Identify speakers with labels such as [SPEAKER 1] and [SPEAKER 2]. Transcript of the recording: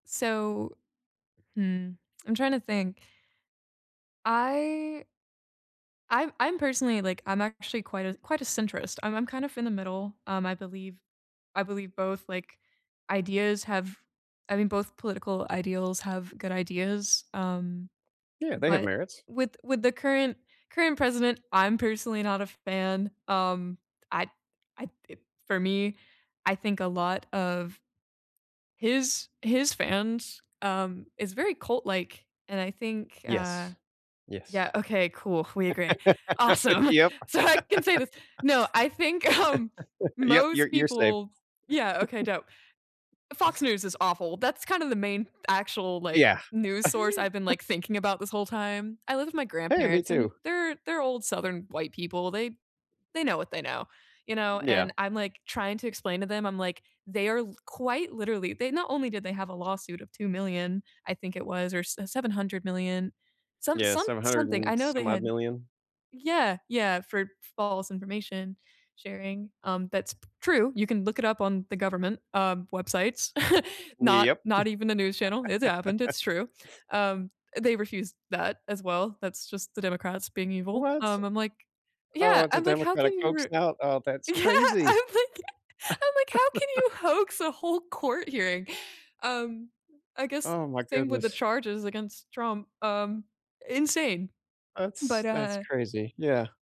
[SPEAKER 1] So hmm. I'm trying to think. I I'm I'm personally like I'm actually quite a quite a centrist, and I'm kind of in the middle, um, I believe I believe both, like, ideas have I mean, both political ideals have good ideas, um,
[SPEAKER 2] Yeah, they have
[SPEAKER 1] but
[SPEAKER 2] merits.
[SPEAKER 1] with with the current current president, I'm personally not a fan, um, I'd I'd d for me I think a lot of his his fans, um is very cult like and I think, uh
[SPEAKER 2] Yes.
[SPEAKER 1] Yeah,
[SPEAKER 2] Yes.
[SPEAKER 1] okay, cool, we agree, awesome.
[SPEAKER 2] Yep.
[SPEAKER 1] So I can say this, no, I think, um,
[SPEAKER 2] Yep, you're
[SPEAKER 1] most
[SPEAKER 2] you're safe.
[SPEAKER 1] people yeah, okay, dope Fox News is awful, that's kind of the main actual, like,
[SPEAKER 2] Yeah.
[SPEAKER 1] news source I've been like thinking about this whole time. I live with my
[SPEAKER 2] Hey, me
[SPEAKER 1] grandparents and
[SPEAKER 2] too.
[SPEAKER 1] they're they're old southern white people, they they know what they know, you know,
[SPEAKER 2] Yeah.
[SPEAKER 1] and I'm, like, trying to explain to them, I'm like, they are l quite literally they not only did they have a lawsuit of 2,000,000, I think it was or s 700,000,000 some
[SPEAKER 2] Yeah,
[SPEAKER 1] some
[SPEAKER 2] 700
[SPEAKER 1] something, I
[SPEAKER 2] and
[SPEAKER 1] know they
[SPEAKER 2] some odd
[SPEAKER 1] had
[SPEAKER 2] 1,000,000.
[SPEAKER 1] Yeah, yeah, for false information sharing, um, that's p true, you can look it up on the government, uh, websites.
[SPEAKER 2] Y
[SPEAKER 1] Not
[SPEAKER 2] yep.
[SPEAKER 1] not even the news channel, it happened, it's true. Um, they refused that as well, that's just the Democrats being evil,
[SPEAKER 2] What?
[SPEAKER 1] um, I'm like
[SPEAKER 2] Oh,
[SPEAKER 1] yeah,
[SPEAKER 2] it's a
[SPEAKER 1] I'm like, "How
[SPEAKER 2] democratic
[SPEAKER 1] can you
[SPEAKER 2] hoax
[SPEAKER 1] r"
[SPEAKER 2] now, Oh, that's
[SPEAKER 1] Yeah,
[SPEAKER 2] crazy.
[SPEAKER 1] I'm like I'm like, "How can you hoax a whole court hearing?" Um, I guess
[SPEAKER 2] Oh my
[SPEAKER 1] same with the
[SPEAKER 2] goodness.
[SPEAKER 1] charges against Trump, um, insane,
[SPEAKER 2] That's
[SPEAKER 1] but,
[SPEAKER 2] that's
[SPEAKER 1] uh
[SPEAKER 2] crazy, yeah.